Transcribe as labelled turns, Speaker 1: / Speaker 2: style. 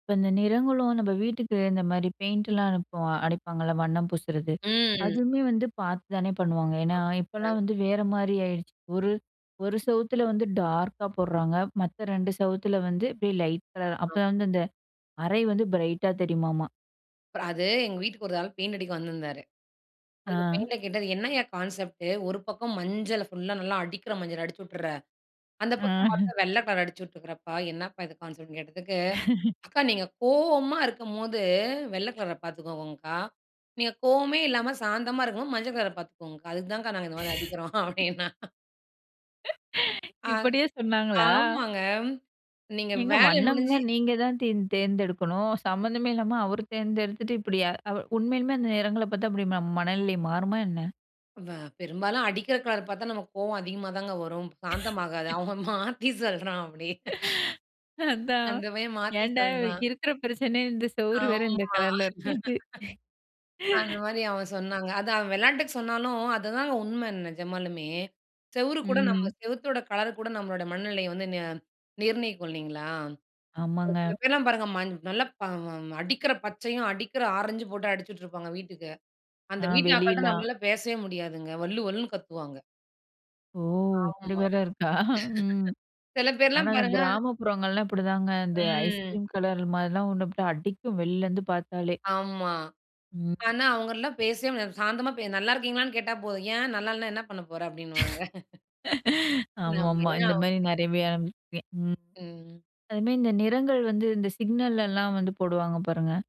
Speaker 1: இப்ப இந்த நிறங்களும் நம்ம வீட்டுக்கு இந்த மாதிரி பெயிண்ட்லாம் அனுப்ப அடிப்பாங்கல்ல, வண்ணம் பூசுறது
Speaker 2: ம்.
Speaker 1: அதுவுமே வந்து பார்த்து தானே பண்ணுவாங்க, ஏன்னா இப்போலாம்
Speaker 2: ஆமாங்க.
Speaker 1: வந்து வேற மாதிரி ஆயிடுச்சு. ஒரு ஒரு சுவத்தில வந்து டார்க்கா போடுறாங்க. மத்த 2 சவுத்தில வந்து இப்டியே லைட் கலர்
Speaker 2: ஆங்
Speaker 1: அப்போதாங்க வந்து அந்த அறை வந்து பிரைட்டா தெரியுமாமா.
Speaker 2: அப்றம் அது எங்க வீட்டுக்கு ஒரு ஆள் பெயிண்ட் அடிக்க வந்திருந்தாரு. அந்த
Speaker 1: ஆ.
Speaker 2: பையன்கிட்ட கேட்டேன், இது என்னங்க கான்செப்ட்டு? ஒரு பக்கம் மஞ்சள ஃபுல்லா நல்லா அடிக்கிற மஞ்சள அடிச்சி விட்டுர்ற, அந்த பக்கம்
Speaker 1: ஆ.
Speaker 2: பார்த்தா வெள்ளை கலர் அடிச்சி விட்டுருக்கறப்பா, என்னப்பா இது கான்செப்ட் னு கேட்டதுக்கு, அக்கா நீங்க கோவமா இருக்கும்போது வெள்ள கலர பார்த்துக்கோங்கங்க்கா. நீங்க கோவமே இல்லாம சாந்தமா இருக்கும்போது மஞ்ச கலர பார்த்துக்கோங்க்கா. அதுக்கு தான்க்கா நாங்க இந்த மாதிரி அடிக்கிறோம் அப்படின்னான். ஆ.
Speaker 1: இப்டியே சொன்னாங்களா?
Speaker 2: ஆமாங்க நீங்க
Speaker 1: ஏங்க
Speaker 2: வேல முடிஞ்சு
Speaker 1: வண்ணம்லாம் நீங்க தான் தேர் தேர்ந்தெடுக்கணும். சம்மந்தமே இல்லாம அவர் தேர்ந்தெடுத்துட்டு இப்டி, உண்மையிலுமே அந்த நெறங்கள பார்த்தா அப்டி ம மனநிலை மாறுமா என்ன?
Speaker 2: வ பெரும்பாலும் அடிக்கிற கலர் பார்த்தா நமக்கு கோவம் அதிகமா தாங்க வரும். சாந்தமாகாது அவன் மாத்தி சொல்றான் அப்டி.
Speaker 1: அதான்.
Speaker 2: அந்த பையன் மாத்தி
Speaker 1: ஏன்டா
Speaker 2: சொல்றான்.
Speaker 1: இருக்கிற பிரச்சனைல இந்த சுவரு
Speaker 2: ஆமா.
Speaker 1: வேற இந்த கலர்ல இருக்குன்ட்டு.
Speaker 2: அந்த மாதிரி அவன் சொன்னாங்க. அதான் அவன் வெளாட்டுக்கு சொன்னாலும், அதுதாங்க உண்ம நிஜமாலுமே. செவுறு கூட நம்ம
Speaker 1: ம்.
Speaker 2: செவத்தோட கலர் கூட நம்மளோட மனநிலையை வந்து ந நிர்ணயிக்கும் இல்லைங்களா? ஒரு
Speaker 1: ஆமாங்க.
Speaker 2: சில பேர்லாம் பாருங்க, ம நல்லா அடிக்கிற பச்சையும் அடிக்கிற ஆரஞ்சும் போட்டு அடிச்சுட்டுருப்பாங்க வீட்டுக்கு. அந்த
Speaker 1: ஆ
Speaker 2: வீட்டு அக்காட்ட
Speaker 1: வெளியில்தான்
Speaker 2: நம்மளால பேசவே முடியாதுங்க. வள்ளு வள்ளுன்னு கத்துவாங்க.
Speaker 1: ஒ!
Speaker 2: ஆமா.
Speaker 1: இப்டி வேற இருக்கா?
Speaker 2: சில
Speaker 1: ஆனா
Speaker 2: பேர்லாம்
Speaker 1: அந்த
Speaker 2: பாருங்க
Speaker 1: கிராமப்புறங்கள்லாம் இப்டிதாங்க. இந்த ஐஸ்
Speaker 2: ம்.
Speaker 1: கிரீம் கலர் மாதிரிலாம் ஒண்ணு அடிக்கும் வெளிலேருந்து பார்த்தாலே.
Speaker 2: ஆமா.
Speaker 1: ம்.
Speaker 2: ஆனா அவங்களலாம் பேசவே முடியாது. சாந்தமா நல்லா இருக்கீங்களான்னு கேட்டா போதும். ஏன் நல்லா இல்லன்னா என்ன பண்ண போற? அப்டின்னுவாங்க.
Speaker 1: ஆமா
Speaker 2: நம்ம
Speaker 1: ஆமா.
Speaker 2: ஏன்
Speaker 1: இந்த மாதிரி
Speaker 2: அவங்கள்ட்ட
Speaker 1: நெறைய
Speaker 2: கேட்டுக்கிட்டு?
Speaker 1: பே ம்.
Speaker 2: ம்.
Speaker 1: அது மாதிரி இந்த நிறங்கள் வந்து இந்த சிக்னல்லலாம் வந்து போடுவாங்க பாருங்க.